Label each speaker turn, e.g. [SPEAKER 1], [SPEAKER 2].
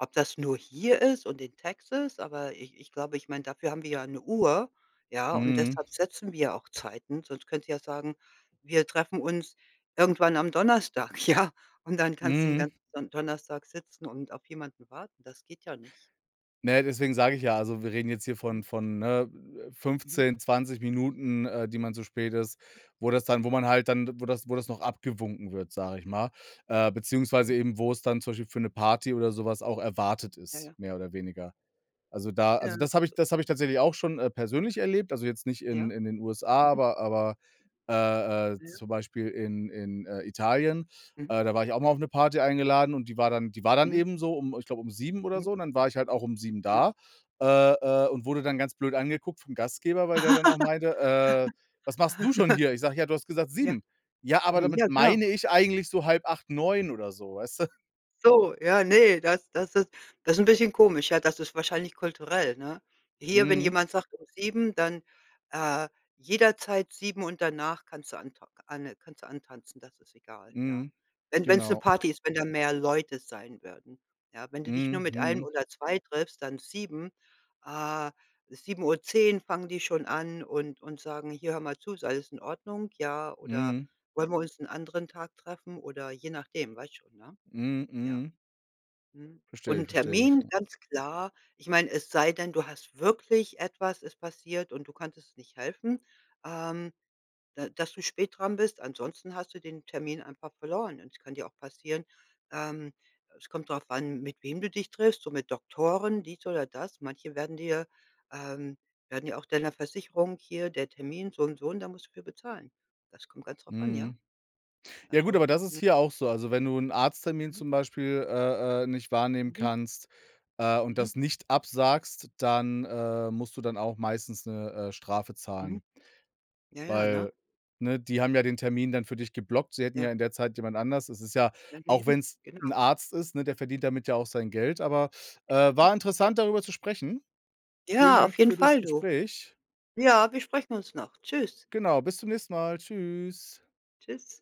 [SPEAKER 1] Ob das nur hier ist und in Texas, aber ich ich glaube, ich meine, dafür haben wir ja 'ne Uhr, ja, und
[SPEAKER 2] Mhm.
[SPEAKER 1] deshalb setzen wir auch Zeiten. Sonst könntest du ja sagen: „Wir treffen uns irgendwann am Donnerstag”, ja, und dann kannst du den
[SPEAKER 2] Mhm.
[SPEAKER 1] ganzen Don Donnerstag sitzen und auf jemanden warten. Das geht ja nicht.
[SPEAKER 2] Ne, deswegen sage ich ja, also wir reden jetzt hier
[SPEAKER 1] Mhm.
[SPEAKER 2] von von, ne, äh,
[SPEAKER 1] Mhm.
[SPEAKER 2] 15, 20 Minuten, äh, die
[SPEAKER 1] [unintelligible]
[SPEAKER 2] man zu spät ist, wo das dann wo man halt dann wo das wo das noch abgewunken wird, sage ich mal, äh,
[SPEAKER 1] Mhm.
[SPEAKER 2] beziehungsweise eben wo's dann zum Beispiel für 'ne Party oder so was auch erwartet
[SPEAKER 1] Ja,
[SPEAKER 2] ist,
[SPEAKER 1] ja.
[SPEAKER 2] mehr oder weniger. Also da
[SPEAKER 1] Ja.
[SPEAKER 2] also das habe ich das habe ich tatsächlich auch schon, äh, persönlich erlebt, also jetzt nicht
[SPEAKER 1] Ja.
[SPEAKER 2] in in den USA,
[SPEAKER 1] Mhm.
[SPEAKER 2] aber aber, äh äh,
[SPEAKER 1] Ja.
[SPEAKER 2] zum Beispiel in in, äh, Italien.
[SPEAKER 1] Mhm.
[SPEAKER 2] Äh, da war ich auch mal auf 'ne Party eingeladen und die war dann die war dann
[SPEAKER 1] Mhm.
[SPEAKER 2] eben so um, ich glaube, um 7:00 oder
[SPEAKER 1] Mhm.
[SPEAKER 2] so und dann war ich halt auch um 7:00
[SPEAKER 1] Ja.
[SPEAKER 2] da, äh äh, und wurde dann ganz blöd
[SPEAKER 1] Hm.
[SPEAKER 2] angeguckt vom Gastgeber, weil der dann auch meinte: „Äh, was machst denn du schon hier?“ Ich sage: „Ja, du hast gesagt
[SPEAKER 1] Ja.
[SPEAKER 2] 7:00” „Ja, aber
[SPEAKER 1] Ja,
[SPEAKER 2] damit
[SPEAKER 1] klar.
[SPEAKER 2] meine ich eigentlich so 7:30, 9:00 oder so”, weißt du?
[SPEAKER 1] So, ja, ne, das das ist das ist 'n bisschen komisch, ja. Das ist wahrscheinlich kulturell, ne? Hier, wenn
[SPEAKER 2] Mhm.
[SPEAKER 1] jemand sagt, um 7:00, dann, äh, jederzeit 7:00 und danach kannst du antau k anne kannst du antanzen, das ist egal, ja,
[SPEAKER 2] Mhm.
[SPEAKER 1] wenn wenn's 'ne
[SPEAKER 2] Genau.
[SPEAKER 1] Party ist, wenn da mehr Leute sein werden, ja? Wenn du dich nur
[SPEAKER 2] Mhm,
[SPEAKER 1] mit 1
[SPEAKER 2] mhm.
[SPEAKER 1] oder 2 triffst, dann 7:00, äh, 7:10 fangen die schon an und und sagen: „Hier, hör mal zu, ist alles in Ordnung? Ja, oder
[SPEAKER 2] Mhm.
[SPEAKER 1] wollen wir uns 'n anderen Tag treffen?” oder je nachdem, weißt schon, ne?
[SPEAKER 2] Mhm,
[SPEAKER 1] Ja.
[SPEAKER 2] mhm.
[SPEAKER 1] Mhm. Und
[SPEAKER 2] Verstehe ich,
[SPEAKER 1] 'n
[SPEAKER 2] verstehe ich,
[SPEAKER 1] Termin,
[SPEAKER 2] ja.
[SPEAKER 1] ganz klar ich meine, es sei denn, du hast wirklich etwas ist passiert und du konntest nicht helfen, ähm, da dass du spät dran bist, ansonsten hast du den Termin einfach verloren und es kann dir auch passieren ähm, es kommt darauf an, mit wem du dich triffst, so mit Doktoren, dies oder das, manche werden dir ähm, werden ja auch deiner Versicherung hier: „Der Termin so und so.“ und da musst du für bezahlen. Das kommt ganz drauf an, ja.
[SPEAKER 2] Mhm. Ja gut, aber
[SPEAKER 1] Also,
[SPEAKER 2] das ist
[SPEAKER 1] ne
[SPEAKER 2] hier auch so. Also, wenn du 'n Arzttermin
[SPEAKER 1] Mhm.
[SPEAKER 2] zum Beispiel, äh äh, nicht wahrnehmen
[SPEAKER 1] Mhm.
[SPEAKER 2] kannst, äh, und
[SPEAKER 1] Mhm.
[SPEAKER 2] das nicht absagst, dann, äh, musst du dann auch meistens 'ne, äh, Strafe
[SPEAKER 1] Mhm.
[SPEAKER 2] zahlen
[SPEAKER 1] Ja, ja, ne?
[SPEAKER 2] weil, ne, die haben ja den Termin dann für dich geblockt. Sie hätten
[SPEAKER 1] Ja.
[SPEAKER 2] ja in der Zeit jemand anders es ist ja auch
[SPEAKER 1] Daneben,
[SPEAKER 2] wenn's 'n
[SPEAKER 1] genau.
[SPEAKER 2] Arzt ist, ne, der verdient
[SPEAKER 1] Mhm.
[SPEAKER 2] damit ja auch sein Geld, aber, äh,
[SPEAKER 1] Genau.
[SPEAKER 2] war interessant, darüber zu sprechen. Vielen
[SPEAKER 1] Ja, auf
[SPEAKER 2] Dank
[SPEAKER 1] jeden
[SPEAKER 2] für das
[SPEAKER 1] Fall du.
[SPEAKER 2] Gespräch.
[SPEAKER 1] Ja, wir sprechen uns noch. Tschüss.
[SPEAKER 2] Genau, bis zum nächsten Mal, tschüss.
[SPEAKER 1] Tschüss.